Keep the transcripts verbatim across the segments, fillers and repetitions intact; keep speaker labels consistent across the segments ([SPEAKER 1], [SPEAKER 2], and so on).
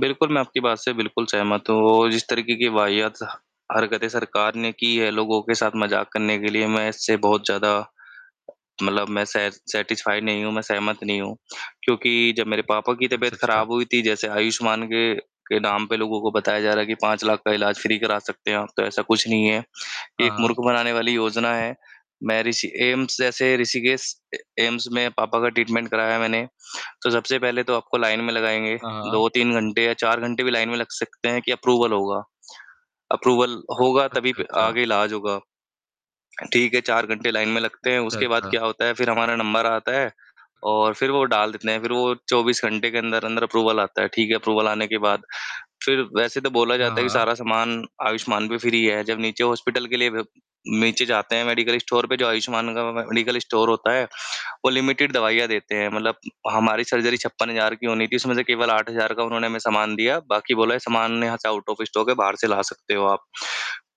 [SPEAKER 1] बिल्कुल, मैं आपकी बात से बिल्कुल सहमत हूँ औ जिस तरीके की वाहियात हरकतें सरकार ने की है, लोगों के साथ मज़ाक करने के लिए, मैं इससे बहुत ज़्यादा मतलब मैं सै सैटिस्फाइड नहीं हूँ, मैं सहमत नहीं हूँ। क्योंकि जब मेरे पापा की
[SPEAKER 2] अच्छा,
[SPEAKER 1] तबीयत
[SPEAKER 2] अच्छा।
[SPEAKER 1] खराब हुई थी, जैसे आयुष्मान के के नाम पे लोगों को बताया जा रहा है कि पाँच लाख का इलाज फ़्री करा सकते हैं आप, तो ऐसा कुछ नहीं है,
[SPEAKER 2] हाँ,
[SPEAKER 1] एक मूर्ख
[SPEAKER 2] हाँ।
[SPEAKER 1] बनाने वाली योजना है। मैं ऋषि एम्स, जैसे ऋषिकेश ए एम्स में पापा का ट्रीटमेंट कराया मैंने। तो सबसे पहले तो आपको लाइन में लगाएँगे।
[SPEAKER 2] हाँ, हाँ।
[SPEAKER 1] दो तीन घंटे या चार घंटे भी लाइन में लग सकते हैं कि अप्रूवल होगा। अप्रूवल होगा, तभी
[SPEAKER 2] अच्छा,
[SPEAKER 1] प
[SPEAKER 2] अच्छा।
[SPEAKER 1] आगे इलाज होगा, ठीक है? चार घंटे लाइन में लगते हैं,
[SPEAKER 2] अच्छा,
[SPEAKER 1] उसके बाद
[SPEAKER 2] अच्छा।
[SPEAKER 1] क्या होता है, फिर हमारा नंबर आता है और फिर वो डाल देते हैं। फिर वो चौबीस घंटे के अंदर-अंदर अप्रूवल आता है, ठीक है? अप्रूवल आने के बाद, फिर वैसे तो बोला
[SPEAKER 2] हाँ,
[SPEAKER 1] जाता है कि
[SPEAKER 2] हाँ।
[SPEAKER 1] सारा सामान आयुष्मान पे फ़्री है, जब नीचे हॉस्पिटल के लिए ब नीचे जाते हैं, मेडिकल स्टोर पे, जो आयुष्मान का व मे मेडिकल स्टोर होता है, वो लिमिटेड दवाइयाँ देते हैं, मतलब हमारी सर्जरी छप्पन हज़ार की होनी थी, उसमें से केवल आठ हज़ार का उन्होंने हमें सामान दिया, बाकी बोला है, "सामान यहाँ से आउट ऑफ़ स्टॉक है। बाहर से ला सकते हो आप।"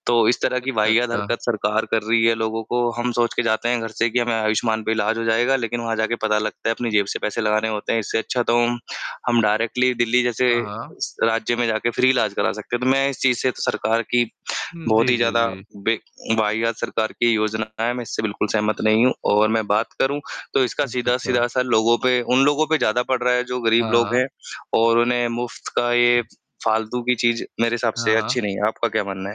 [SPEAKER 1] तो इस तरह की
[SPEAKER 2] अच्छा,
[SPEAKER 1] वाहियात हरकत
[SPEAKER 2] अच्छा।
[SPEAKER 1] सरकार कर रही है लोगों को, हम सोच के जाते हैं घर से कि हमें आयुष्मान पे इलाज हो जाएगा, लेकिन वहाँ जा के पता लगता है, अपनी जेब से पैसे लगाने होते हैं, इससे अच्छा तो हम हम डायरेक्टली दिल्ली जैसे
[SPEAKER 2] हाँ, हाँ।
[SPEAKER 1] राज्य में जाके फ़्री इलाज करा सकते हैं। तो मैं इस चीज़ से सरकार की
[SPEAKER 2] हुँ,
[SPEAKER 1] बहुत
[SPEAKER 2] जी,
[SPEAKER 1] ही
[SPEAKER 2] जी,
[SPEAKER 1] ज़्यादा
[SPEAKER 2] जी।
[SPEAKER 1] बे वाहियात सरकार की योजना है, मैं इससे बिल्कुल सहमत नहीं हूँ और मैं बात करूँ, तो इसका
[SPEAKER 2] अच्छा, अच्छा।
[SPEAKER 1] सीधा-सीधा असर लोगों पे उन लोगों पे ज़्यादा पड़ रहा है, जो गरीब
[SPEAKER 2] हाँ,
[SPEAKER 1] लोग हैं
[SPEAKER 2] हाँ।
[SPEAKER 1] और उन्हें मुफ़्त का ये फ फालतू की चीज़, मेरे हिसाब
[SPEAKER 2] हाँ,
[SPEAKER 1] से
[SPEAKER 2] हाँ।
[SPEAKER 1] अच्छी नहीं है। आपका क्या मानना है?